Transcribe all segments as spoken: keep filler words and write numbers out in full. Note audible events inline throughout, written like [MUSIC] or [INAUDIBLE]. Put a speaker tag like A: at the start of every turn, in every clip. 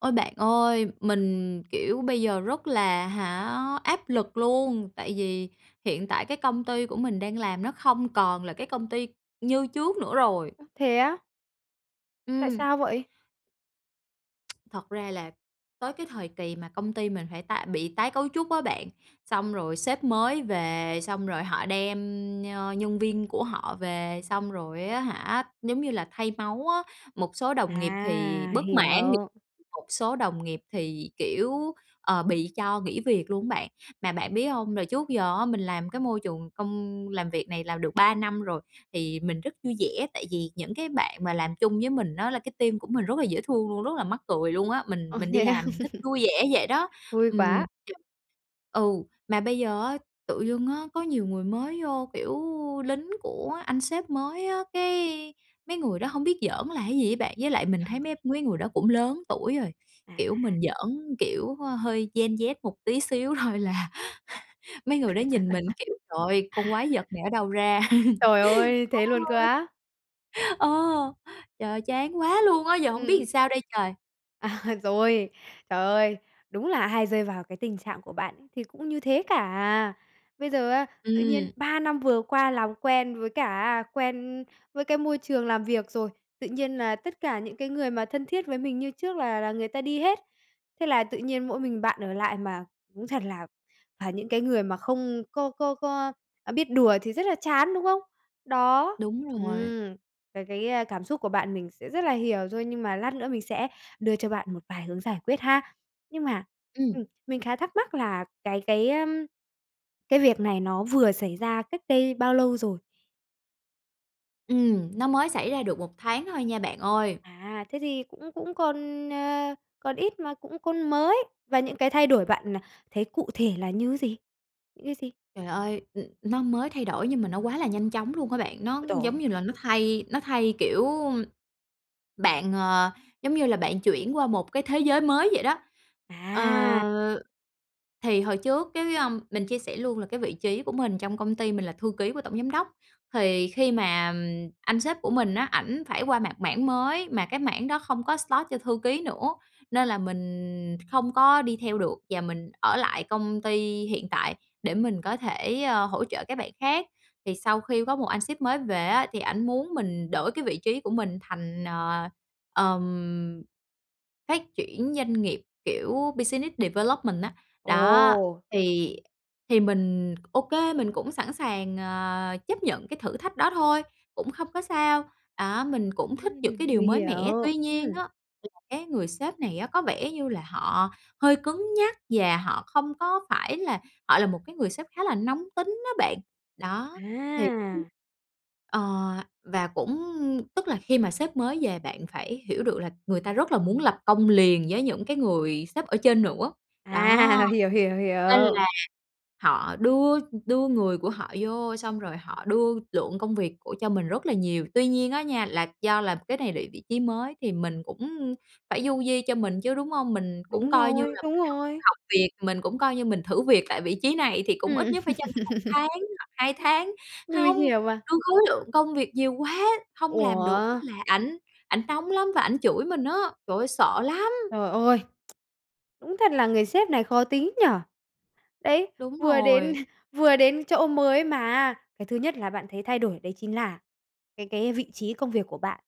A: Ôi, bạn ơi, mình, kiểu, bây giờ rất là, hả, áp lực luôn. Tại vì hiện tại cái công ty của mình đang làm nó không còn là cái công ty như trước nữa rồi.
B: Ơ, thế á? Tại
A: Ừm.
B: sao vậy?
A: [TSK] Thật ra là tới cái thời kỳ mà công ty mình phải tái bị tái cấu trúc á bạn. Xong rồi sếp mới về, xong rồi họ đem, ơ, nhân viên của họ về, xong rồi á hả, giống như là thay máu á. Một số đồng nghiệp thì
B: À,
A: bất mãn
B: hiểu.
A: [UNINTELLIGIBLE] một số đồng nghiệp thì, kiểu, ờ, bị cho nghỉ việc luôn á bạn. Mà bạn biết hông? Rồi trước giờ á, mình làm cái môi trường công làm việc này làm được ba năm rồi, thì mình rất vui vẻ. Tại vì những cái bạn mà làm chung với mình á là cái team của mình rất là dễ thương luôn, rất là mắc cười luôn á, mình
B: Ồ,
A: mình đi
B: thế à?
A: làm mình thích vui vẻ vậy đó.
B: [LAUGHS] Vui
A: Ừm.
B: quá.
A: [UNINTELLIGIBLE] Ừ, mà bây giờ á, tự dưng á, có nhiều người mới vô, kiểu, lính của anh sếp mới á, cái mấy người đó hông biết giỡn là cái gì á bạn. Với lại mình thấy mấy mấy người đó cũng lớn tuổi rồi, kiểu
B: À.
A: mình giỡn, kiểu, hơi Gen Z một tí xíu thôi là [CHUCKLES] mấy người đó nhìn mình, kiểu: "Trời
B: [LAUGHS]
A: ơi, con quái vật này ở đâu ra?" [LAUGHS]
B: Trời ơi, thế luôn cơ á!
A: [UNINTELLIGIBLE] Ờ, trời ơi, chán quá luôn á, giờ hổng biết
B: Ừm.
A: làm sao đây trời?
B: À, rồi, trời ơi, đúng là ai rơi vào cái tình trạng của bạn thì cũng như thế cả à. Bây giờ á, tự nhiên
A: Ừm.
B: ba năm vừa qua làm quen với cả á quen với cái môi trường làm việc rồi, tự nhiên là tất cả những cái người mà thân thiết với mình như trước là là người ta đi hết. Thế là tự nhiên mỗi mình bạn ở lại, mà cũng thật là phải những cái người mà không có có có biết đùa thì rất là chán, đúng không? Đó.
A: Đúng rồi.
B: Ừm, ờ, cái, a, cảm xúc của bạn mình sẽ rất là hiểu thôi, nhưng mà lát nữa mình sẽ đưa cho bạn một vài hướng giải quyết ha. Nhưng mà,
A: Ừm.
B: ừm, mình khá thắc mắc là cái cái, ơm, cái việc này nó vừa xảy ra cách đây bao lâu rồi?
A: Ừm, nó mới xảy ra được một tháng thôi nha, bạn ơi.
B: À, thế thì cũng cũng còn, ờ, còn ít mà cũng còn mới. Và những cái thay đổi bạn, à, đã thấy cụ thể là như gì? Như gì?
A: Trời ơi, ừm, nó mới thay đổi nhưng mà nó quá là nhanh chóng luôn á bạn. Nó
B: Ôi tồi
A: giống
B: ơi!
A: như là nó thay nó thay, kiểu bạn, ờ, giống như là bạn chuyển qua một cái thế giới mới vậy đó.
B: À.
A: Ờ, thì hồi trước, cái, ơm mình chia sẻ luôn là cái vị trí của mình trong công ty mình là thư ký của tổng giám đốc. Thì khi mà anh sếp của mình á, ảnh phải qua mạng mảng mới mà cái mảng đó không có slot cho thư ký nữa. Nên là mình kh không có đi theo được, và mình ở lại công ty hiện tại để mình có thể, ơ, hỗ trợ các bạn khác. Thì sau khi có một anh sếp mới về á, thì ảnh muốn mình đổi cái vị trí của mình thành, ờ, ừm, phát triển doanh nghiệp, kiểu, business development á, đó.
B: Ồ!
A: Thì thì mình OK, mình cũng sẵn sàng, ờ, chấp nhận cái thử thách đó thôi, cũng không có sao, đó, mình cũng thích những
B: Ừm,
A: cái điều
B: mình
A: mới mẻ.
B: hiểu,
A: Tuy nhiên á,
B: ừm.
A: là cái người sếp này á, có vẻ như là họ hơi cứng nhắc và họ không có phải là họ là một cái người sếp khá là nóng tính á bạn. Đó, thì [UNINTELLIGIBLE]
B: À!
A: ờ, và cũng tức là khi mà sếp mới về bạn phải hiểu được là người ta rất là muốn lập công liền với những cái người sếp ở trên nữa, đó.
B: À, hiểu, hiểu,
A: Nên
B: hiểu.
A: là họ đưa đưa người của họ vô xong rồi họ đưa lượng công việc của cho mình rất là nhiều. Tuy nhiên á nha, là do là cái này là vị trí mới thì mình cũng phải du di cho mình chứ, đúng hông? Mình cũng
B: Đúng
A: coi như
B: rồi,
A: là
B: đúng
A: mình
B: rồi.
A: học học việc, mình cũng coi như mình thử việc tại vị trí này thì cũng ít
B: Ừm.
A: nhất phải cho mình một
B: [LAUGHS]
A: tháng hoặc hai tháng.
B: Mình
A: Hông,
B: hiểu mà.
A: đưa khối lượng công việc nhiều quá, hông làm được á
B: Ủa?
A: là ảnh ảnh nóng lắm và ảnh chửi mình á. Trời ơi, sợ lắm!
B: Trời ơi! [SMACKS LIPS] Đúng thật là người sếp này khó tính nhỉ. Đấy,
A: Đúng
B: vừa đến
A: rồi.
B: [CHUCKLES] vừa đến chỗ mới mà á, cái thứ nhất là bạn thấy thay đổi đấy chính là cái cái vị trí công việc của bạn,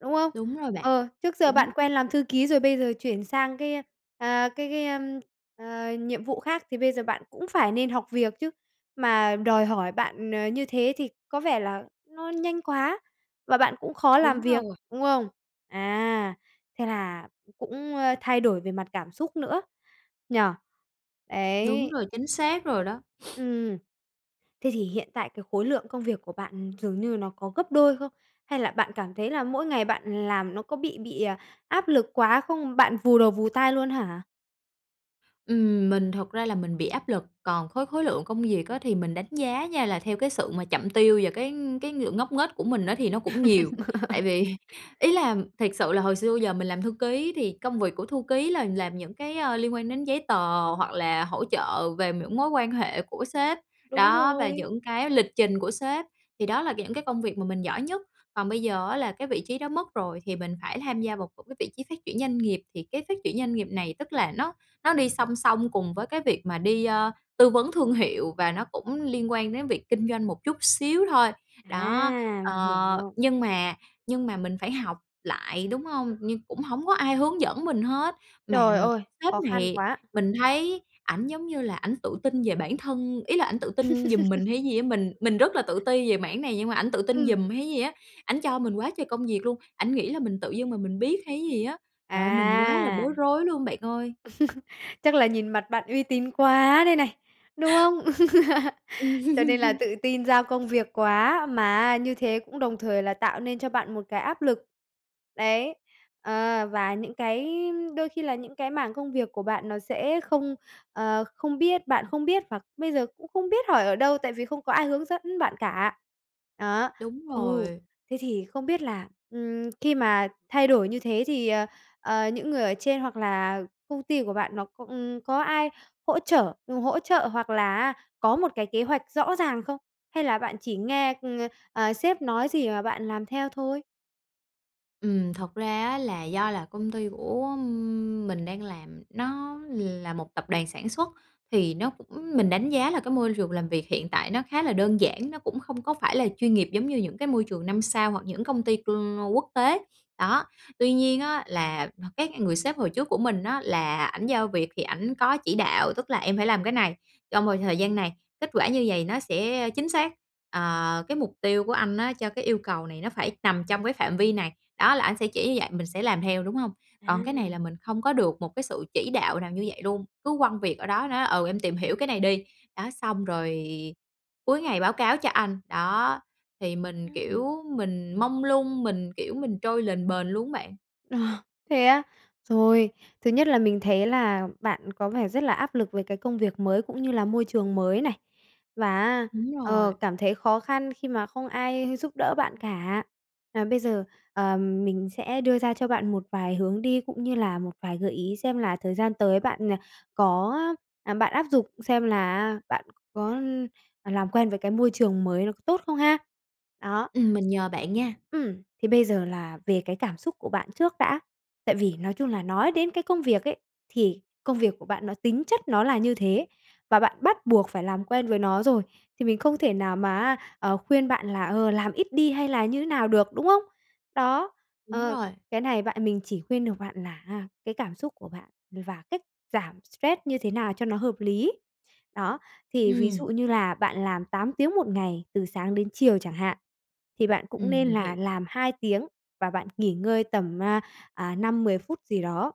B: đúng không?
A: Đúng rồi bạn,
B: Ờ, trước giờ bạn
A: đúng.
B: quen làm thư ký rồi, bây giờ chuyển sang cái, a, à, cái cái, ơm, à ,nhiệm vụ khác thì bây giờ bạn cũng phải nên học việc chứ. Mà đòi hỏi bạn, ờ, như thế thì có vẻ là nó nhanh quá, và bạn cũng khó làm
A: Đúng
B: việc,
A: rồi.
B: đúng không? À, thế là cũng, ơ, thay đổi về mặt cảm xúc nữa, nhỉ?
A: Đúng
B: Ấy.
A: rồi, chính xác rồi đó. [SNIFFS]
B: Ừm. Thế thì hiện tại cái khối lượng công việc của bạn dường như nó có gấp đôi không? Hay là bạn cảm thấy là mỗi ngày bạn làm nó có bị bị, à, áp lực quá không? Bạn vù đầu vù tai luôn hả?
A: Ừm, mình thực ra là mình bị áp lực, còn khối khối lượng công việc á thì mình đánh giá nha, là theo cái sự mà chậm tiêu và cái cái ng ngốc nghếch của mình á, thì nó cũng nhiều. Tại
B: [LAUGHS]
A: vì ý là, thiệt sự là hồi xưa bây giờ mình làm thư ký thì công việc của thư ký là làm những cái, ờ, liên quan đến giấy tờ hoặc là hỗ trợ về những mối quan hệ của sếp,
B: Đúng
A: đó, và
B: rồi.
A: những cái lịch trình của sếp, thì đó là những cái công việc mà mình giỏi nhất. Còn bây giờ á là cái vị trí đó mất rồi thì mình phải tham gia vào một cái vị trí phát triển doanh nghiệp. Thì cái phát triển doanh nghiệp này tức là nó nó đi song song cùng với cái việc mà đi, ờ, tư vấn thương hiệu, và nó cũng liên quan đến việc kinh doanh một chút xíu thôi. Đó,
B: À! Mình
A: ờ,
B: hiểu.
A: nhưng mà nhưng mà mình phải học lại, đúng hông? Nhưng cũng hổng có ai hướng dẫn mình hết, mà,
B: Trời
A: ừm,
B: ơi!
A: sếp
B: Khó khăn
A: này,
B: quá!
A: mình thấy ảnh giống như là ảnh tự tin về bản thân, ý là ảnh tự tin giùm mình
B: [LAUGHS]
A: hay cái gì á? Mình mình rất là tự ti về mảng này nhưng mà ảnh tự tin
B: Ừm.
A: giùm hay gì á? Ảnh cho mình quá trời công việc luôn. Ảnh nghĩ là mình tự dưng mà mình biết hay cái gì á? Trời ơi, mình quá là
B: À!
A: bối rối luôn bạn ơi!
B: [LAUGHS] Chắc là nhìn mặt bạn uy tín quá đây này, đúng không? [LAUGHS] Cho nên là
A: Ừm.
B: tự tin giao công việc quá, mà á như thế cũng đồng thời là tạo nên cho bạn một cái áp lực. Đấy, ờ, và những cái đôi khi là những cái mảng công việc của bạn nó sẽ không, ờ, không biết bạn không biết hoặc bây giờ cũng không biết hỏi ở đâu tại vì không có ai hướng dẫn bạn cả. Đó,
A: Đúng
B: ừ,
A: rồi.
B: thế thì không biết là, ừm, khi mà thay đổi như thế thì, ờ, ờ, những người ở trên hoặc là công ty của bạn nó c ừm, có ai hỗ trở ừm, hỗ trợ hoặc là á có một cái kế hoạch rõ ràng không? Hay là bạn chỉ nghe, ừm, ờ, sếp nói gì mà bạn làm theo thôi?
A: Ừm, thật ra á là do là công ty của mình đang làm, nó là một tập đoàn sản xuất. Thì nó cũng mình đánh giá là cái môi trường làm việc hiện tại nó khá là đơn giản, nó cũng không có phải là chuyên nghiệp giống như những cái môi trường năm sao hoặc những công ty, ừm, quốc tế. Đó, tuy nhiên á là h cái người sếp hồi trước của mình á là ảnh giao việc thì ảnh có chỉ đạo, tức là "Em phải làm cái này trong vòng thời gian này, kết quả như vầy nó sẽ, ơ, chính xác. Ờ, cái mục tiêu của anh á cho cái yêu cầu này nó phải nằm trong cái phạm vi này." Đó, là ảnh sẽ chỉ như vậy, mình sẽ làm theo, đúng hông? Còn cái này là
B: À.
A: mình không có được một cái sự chỉ đạo nào như vậy luôn, cứ quăng việc ở đó, nói: "Ừ, em tìm hiểu cái này đi, đó, xong rồi cuối ngày báo cáo cho anh." Đó, thì mình,
B: Ừm.
A: kiểu, mình mông lung, mình, kiểu, mình trôi lềnh bềnh luôn á bạn.
B: Ờ, thế á? Rồi, thứ nhất là mình thấy là bạn có vẻ rất là áp lực về cái công việc mới cũng như là môi trường mới này, và á,
A: Đúng
B: ờ,
A: rồi.
B: cảm thấy khó khăn khi mà không ai giúp đỡ bạn cả. À, bây giờ, ờ, mình sẽ đưa ra cho bạn một vài hướng đi, cũng như là một vài gợi ý xem là thời gian tới bạn, ờ, có, ơ à, bạn áp dục xem là á bạn có, ưm, ờ, làm quen với cái môi trường mới nó có tốt không ha! Đó.
A: Ừm, mình nhờ bạn nha!
B: Ừm, thế bây giờ là về cái cảm xúc của bạn trước đã. Tại vì nói chung là nói đến cái công việc ấy, thì công việc của bạn nó tính chất nó là như thế, và bạn bắt buộc phải làm quen với nó rồi, thì mình không thể nào mà á, ờ, khuyên bạn là, ờ, làm ít đi hay là như thế nào được, đúng không? Đó,
A: Đúng
B: ờ,
A: rồi.
B: cái này bạn mình chỉ khuyên được bạn là á cái cảm xúc của bạn và cách giảm stress như thế nào cho nó hợp lý. Đó, thì ví dụ
A: Ừm.
B: như là bạn làm tám tiếng một ngày từ sáng đến chiều chẳng hạn, thì bạn cũng
A: Ừm,
B: nên
A: mình hiểu.
B: là làm hai tiếng và bạn nghỉ ngơi tầm á, ờ, năm mười phút gì đó.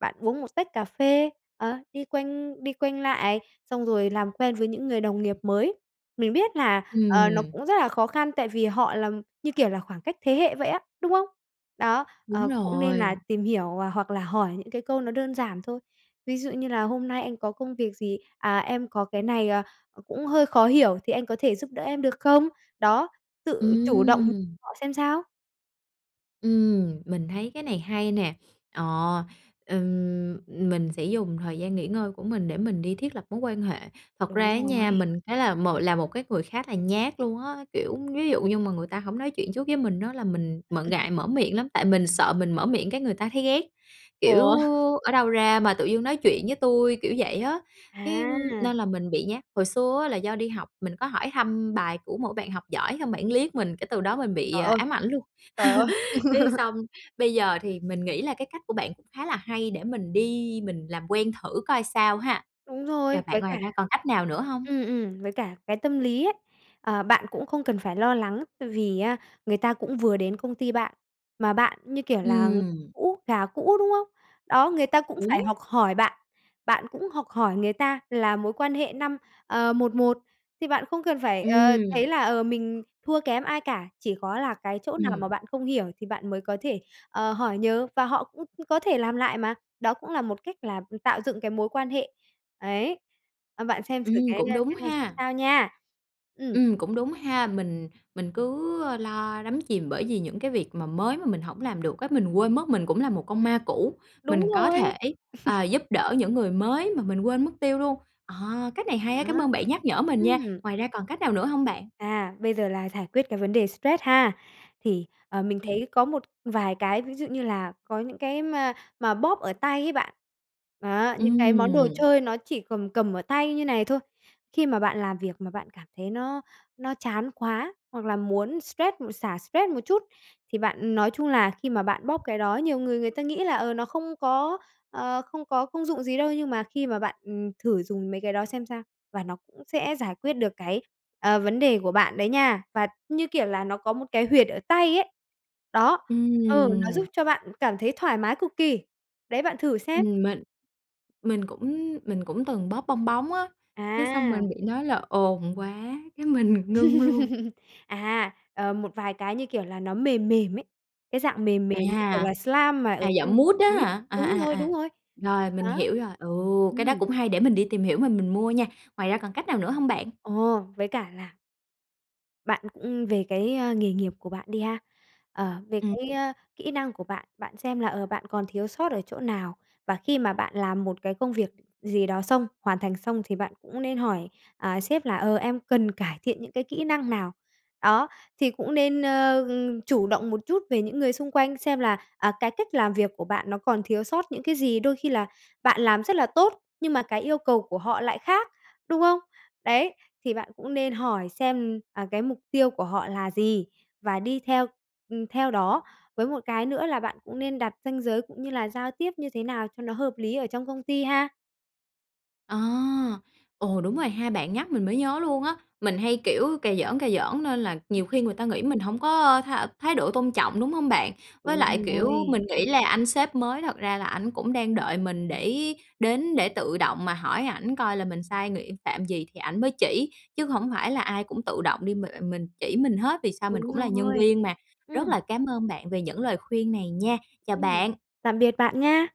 B: Bạn uống một tách cà phê, ờ, đi quanh đi quanh lại, xong rồi làm quen với những người đồng nghiệp mới. Mình biết là, ờ, nó
A: Ừm.
B: cũng rất là khó khăn tại vì họ là như kiểu là khoảng cách thế hệ vậy á, đúng không? Đó,
A: Đúng
B: ờ, cũng nên là
A: rồi.
B: tìm hiểu, à, hoặc là hỏi những cái câu nó đơn giản thôi, ví dụ như là "Hôm nay anh có công việc gì? À, em có cái này, ờ, cũng hơi khó hiểu thì anh có thể giúp đỡ em được không?" Đó, tự chủ động
A: Ừm.
B: họ xem sao.
A: Ừm, mình thấy cái này hay nè, ờ, ừm, mình sẽ dùng thời gian nghỉ ngơi của mình để mình đi thiết lập mối quan hệ. Thật
B: Đúng
A: ra á nha,
B: rồi.
A: mình thấy là m là một cái người khá là nhát luôn á, kiểu, ví dụ như mà người ta hổng nói chuyện trước với mình á là mình m ngại
B: [LAUGHS]
A: mở miệng lắm, tại mình sợ mình mở miệng cái người ta thấy ghét, kiểu:
B: Ủa?
A: "Ở đâu ra mà tự dưng nói chuyện với tui?" kiểu vậy á, cái nên
B: À!
A: là mình bị nhát. Hồi xưa á là do đi học mình có hỏi thăm bài của một bạn học giỏi xong bạn liếc mình cái từ đó mình bị,
B: Trời
A: à,
B: ơi!
A: ám ảnh luôn,
B: Trời ơi!
A: [LAUGHS] cái
B: [LAUGHS]
A: xong, bây giờ thì mình nghĩ là cái cách của bạn cũng khá là hay để mình đi mình làm quen thử coi sao ha.
B: Đúng
A: Giờ
B: rồi,
A: bạn
B: với
A: ngoài
B: cả
A: ra còn cách nào nữa hông?
B: ừm, ừm, với cả cái tâm lý ấy, ờ, bạn cũng không cần phải lo lắng tại vì á người ta cũng vừa đến công ty bạn, mà bạn như kiểu là
A: Ừm.
B: cũ, gà cũ, đúng không? Đó, người ta cũng phải
A: Đúng!
B: học hỏi bạn, bạn cũng học hỏi người ta, là mối quan hệ năm ờ, một một thì bạn không cần phải, ờ, thấy
A: Ừm.
B: là, ờ, mình thua kém ai cả. Chỉ có là cái chỗ nào
A: Ừm.
B: mà bạn không hiểu thì bạn mới có thể, ờ, hỏi nhờ và họ cũng có thể làm lại mà, đó cũng là một cách là, ừm, tạo dựng cái mối quan hệ, ấy. Ờ, bạn xem xử
A: Ừm,
B: cái,
A: cũng
B: à,
A: đúng
B: cái này x
A: ha.
B: sao nha. Ừm.
A: Ừm, cũng đúng ha, mình mình cứ lo đắm chìm bởi vì những cái việc mà mới mà mình hổng làm được á, mình quên mất mình cũng là một con ma cũ, mình
B: Đúng
A: có
B: rồi.
A: thể, à,
B: [LAUGHS]
A: giúp đỡ những người mới mà mình quên mất tiêu luôn. Ờ, cách này
B: Đó,
A: hay á, cám ơn bạn nhắc nhở mình nha!
B: ừm.
A: Ngoài ra còn cách nào nữa hông bạn?
B: À, bây giờ là giải quyết cái vấn đề stress ha. Thì, ờ, mình
A: Kê.
B: thấy có một vài cái ví dụ như là có những cái mà mà bóp ở tay ấy bạn, đó, những cái món đồ
A: Ừm.
B: chơi nó chỉ cầm cầm ở tay như này thôi, khi mà bạn làm việc mà bạn cảm thấy nó nó chán quá hoặc là muốn stress m xả stress một chút thì bạn nói chung là khi mà bạn bóp cái đó nhiều người người ta nghĩ là, ờ, nó không có, ờ, không có công dụng gì đâu nhưng mà khi mà bạn, ừm, thử dùng mấy cái đó xem sao và nó cũng sẽ giải quyết được cái, ờ, vấn đề của bạn đấy nha, và như kiểu là nó có một cái huyệt ở tay ấy. Đó, ừ, nó giúp
A: Ừm.
B: cho bạn cảm thấy thoải mái cực kỳ đấy, bạn thử xem!
A: Ừm, mình mình cũng mình cũng từng bóp bong bóng á, cái xong mình
B: À!
A: bị nói là ồn quá cái mình ngưng luôn.
B: [LAUGHS] À, ờ, một vài cái như kiểu là nó mềm mềm ấy, cái dạng mềm mềm như kiểu
A: À,
B: là slime mà ở
A: à,
B: trong
A: dạng
B: một
A: mút
B: cái
A: á
B: túi.
A: hả? À,
B: Đúng
A: à,
B: rồi,
A: à,
B: đúng rồi.
A: rồi mình
B: Đó.
A: hiểu rồi. Ừ, cái đó
B: Ừm.
A: cũng hay, để mình đi tìm hiểu rồi mình mua nha. Ngoài ra còn cách nào nữa hông bạn?
B: Ồ! Với cả là Bạn cũng về cái, ơ, nghề nghiệp của bạn đi ha, ờ, về
A: Ừm.
B: cái, ơ, kỹ năng của bạn, bạn xem là, ờ, bạn còn thiếu sót ở chỗ nào, và khi mà bạn làm một cái công việc gì đó xong, hoàn thành xong thì bạn cũng nên hỏi, à, sếp là "Ờ, em cần cải thiện những cái kỹ năng nào?" Đó, thì cũng nên, ơ, ừm, chủ động một chút về những người xung quanh, xem là, à, cái cách làm việc của bạn nó còn thiếu sót những cái gì. Đôi khi là bạn làm rất là tốt, nhưng mà cái yêu cầu của họ lại khác, đúng không? Đấy, thì bạn cũng nên hỏi xem, à, cái mục tiêu của họ là gì, và đi theo, ừm, theo đó. Với một cái nữa là bạn cũng nên đặt ranh giới cũng như là giao tiếp như thế nào cho nó hợp lý ở trong công ty ha.
A: À! Ồ, đúng rồi ha, bạn nhắc mình mới nhớ luôn á, mình hay, kiểu, cà giỡn, cà giỡn nên là nhiều khi người ta
B: [CHUCKLES]
A: nghĩ mình hổng có, ơ, th thái độ tôn trọng, đúng hông bạn? Với
B: Đúng
A: lại, kiểu,
B: rồi.
A: mình nghĩ là anh sếp mới thật ra là ảnh cũng đang đợi mình để đến để tự động mà hỏi ảnh coi là mình sai ng phạm gì thì ảnh mới chỉ, chứ hổng phải là ai cũng tự động đi mà mình chỉ mình hết vì sao mình
B: Đúng
A: cũng là nhân
B: rồi.
A: viên mà. Rất
B: Ừm.
A: là cám ơn bạn về những lời khuyên này nha. Chào
B: Ừm,
A: bạn!
B: tạm biệt bạn nha!